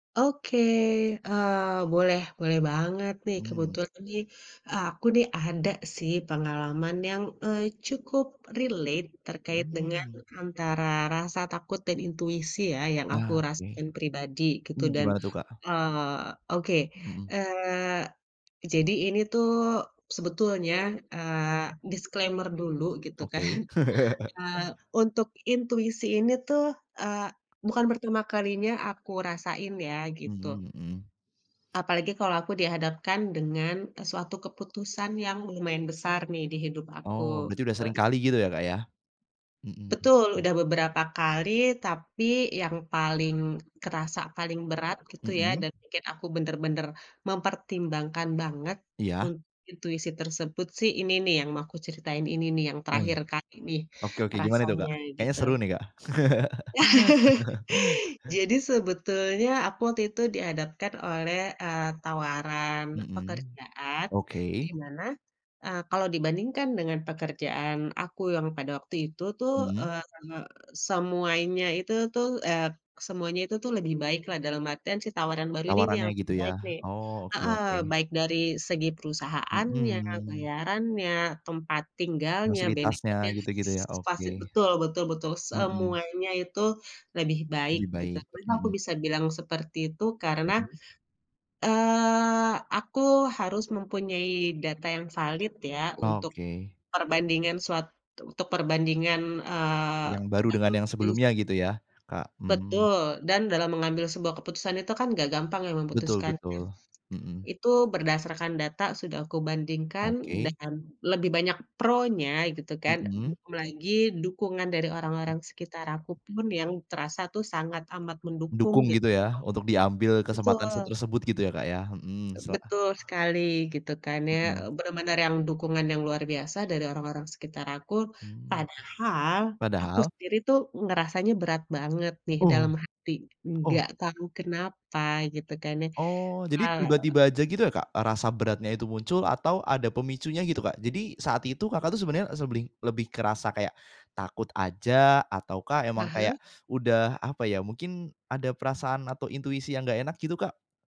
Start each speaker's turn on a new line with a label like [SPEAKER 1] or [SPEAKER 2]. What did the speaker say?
[SPEAKER 1] Oke, eee, boleh boleh banget nih.
[SPEAKER 2] Hmm.
[SPEAKER 1] Kebetulan nih aku nih ada sih pengalaman yang, eee, cukup relate terkait dengan
[SPEAKER 2] Hmm.
[SPEAKER 1] antara rasa takut dan intuisi ya yang aku
[SPEAKER 2] Nah, oke.
[SPEAKER 1] rasain pribadi gitu
[SPEAKER 2] Hmm,
[SPEAKER 1] dan
[SPEAKER 2] gimana tuh, Kak?
[SPEAKER 1] eee, oke.
[SPEAKER 2] Mhm.
[SPEAKER 1] Eee, jadi ini tuh sebetulnya, eee, disclaimer dulu gitu kan,
[SPEAKER 2] Oke.
[SPEAKER 1] eee, untuk intuisi ini tuh, eee, bukan pertama kalinya aku rasain ya gitu.
[SPEAKER 2] Mhm mhm.
[SPEAKER 1] Apalagi kalau aku dihadapkan dengan suatu keputusan yang lumayan besar nih di hidup
[SPEAKER 2] Oh,
[SPEAKER 1] aku,
[SPEAKER 2] berarti udah
[SPEAKER 1] gitu.
[SPEAKER 2] sering kali gitu ya, Kak, ya? Mhm
[SPEAKER 1] Betul,
[SPEAKER 2] mhm.
[SPEAKER 1] udah beberapa kali tapi yang paling kerasa, paling berat gitu ya
[SPEAKER 2] Mhm.
[SPEAKER 1] dan pikir aku bener-bener mempertimbangkan banget
[SPEAKER 2] Iya.
[SPEAKER 1] untuk intuisi tersebut sih ini nih yang mau aku ceritain ini nih yang
[SPEAKER 2] Oiy
[SPEAKER 1] terakhir kali nih
[SPEAKER 2] oke oke gimana tuh, Kak?
[SPEAKER 1] rasanya,
[SPEAKER 2] Kayaknya
[SPEAKER 1] gitu.
[SPEAKER 2] seru nih, Kak.
[SPEAKER 1] Jadi sebetulnya aku waktu itu dihadapkan oleh, eee, tawaran
[SPEAKER 2] Mhm,
[SPEAKER 1] pekerjaan,
[SPEAKER 2] oke.
[SPEAKER 1] dimana, eee, kalau dibandingkan dengan pekerjaan aku yang pada waktu itu tuh,
[SPEAKER 2] Mhm.
[SPEAKER 1] eee, semuanya itu tuh eee, semuanya itu tuh lebih baik dalam artian si tawaran baru ini nih
[SPEAKER 2] Tawarannya
[SPEAKER 1] yang lebih
[SPEAKER 2] gitu ya?
[SPEAKER 1] baik nih.
[SPEAKER 2] Oh, oke
[SPEAKER 1] Heeh,
[SPEAKER 2] oke.
[SPEAKER 1] baik dari segi perusahaannya,
[SPEAKER 2] Mhm.
[SPEAKER 1] bayarannya, tempat tinggalnya,
[SPEAKER 2] Fasilitasnya
[SPEAKER 1] benefitnya,.
[SPEAKER 2] gitu-gitu, ya oke.
[SPEAKER 1] [unintelligible] Betul betul betul
[SPEAKER 2] Mhm.
[SPEAKER 1] semuanya itu lebih baik
[SPEAKER 2] Lebih
[SPEAKER 1] gitu
[SPEAKER 2] baik,
[SPEAKER 1] kan. Kenapa aku
[SPEAKER 2] mhm.
[SPEAKER 1] bisa bilang seperti itu karena,
[SPEAKER 2] Mhm.
[SPEAKER 1] eee, aku harus mempunyai data yang valid ya untuk
[SPEAKER 2] Oke.
[SPEAKER 1] perbandingan suatu untuk perbandingan, eee,.
[SPEAKER 2] Yang baru dengan yang
[SPEAKER 1] [unintelligible]
[SPEAKER 2] sebelumnya gitu ya, Kak, mhm.
[SPEAKER 1] Betul, dan dalam mengambil sebuah keputusan itu kan gak gampang ya
[SPEAKER 2] Betul
[SPEAKER 1] memutuskannya.
[SPEAKER 2] betul, mhm.
[SPEAKER 1] Itu berdasarkan data sudah aku bandingkan
[SPEAKER 2] Oke.
[SPEAKER 1] dan lebih banyak pro-nya, gitu kan.
[SPEAKER 2] Mhm.
[SPEAKER 1] Belum lagi dukungan dari orang-orang sekitar aku pun yang terasa tuh sangat amat mendukung
[SPEAKER 2] Dukung
[SPEAKER 1] gitu.
[SPEAKER 2] gitu ya, untuk diambil kesempatan se
[SPEAKER 1] Betul.
[SPEAKER 2] tersebut gitu ya, Kak, ya? Mhm, sela
[SPEAKER 1] Betul sekali gitu kan ya.
[SPEAKER 2] Mhm.
[SPEAKER 1] Bener-bener yang dukungan yang luar biasa dari orang-orang sekitar aku.
[SPEAKER 2] Hmm,
[SPEAKER 1] Padahal aku
[SPEAKER 2] padahal?
[SPEAKER 1] sendiri tuh ngerasanya berat banget nih
[SPEAKER 2] Oh
[SPEAKER 1] dalam hati,
[SPEAKER 2] oh.
[SPEAKER 1] nggak tahu kenapa gitu kan ya,
[SPEAKER 2] Oh, jadi
[SPEAKER 1] eee
[SPEAKER 2] tiba-tiba aja gitu ya, Kak? Rasa beratnya itu muncul atau ada pemicunya gitu, Kak? Jadi saat itu, Kakak, tuh sebenernya seblih lebih kerasa kayak takut aja atau kah emang
[SPEAKER 1] Heeh.
[SPEAKER 2] kayak udah apa ya, mungkin ada perasaan atau intuisi yang gak enak gitu, Kak?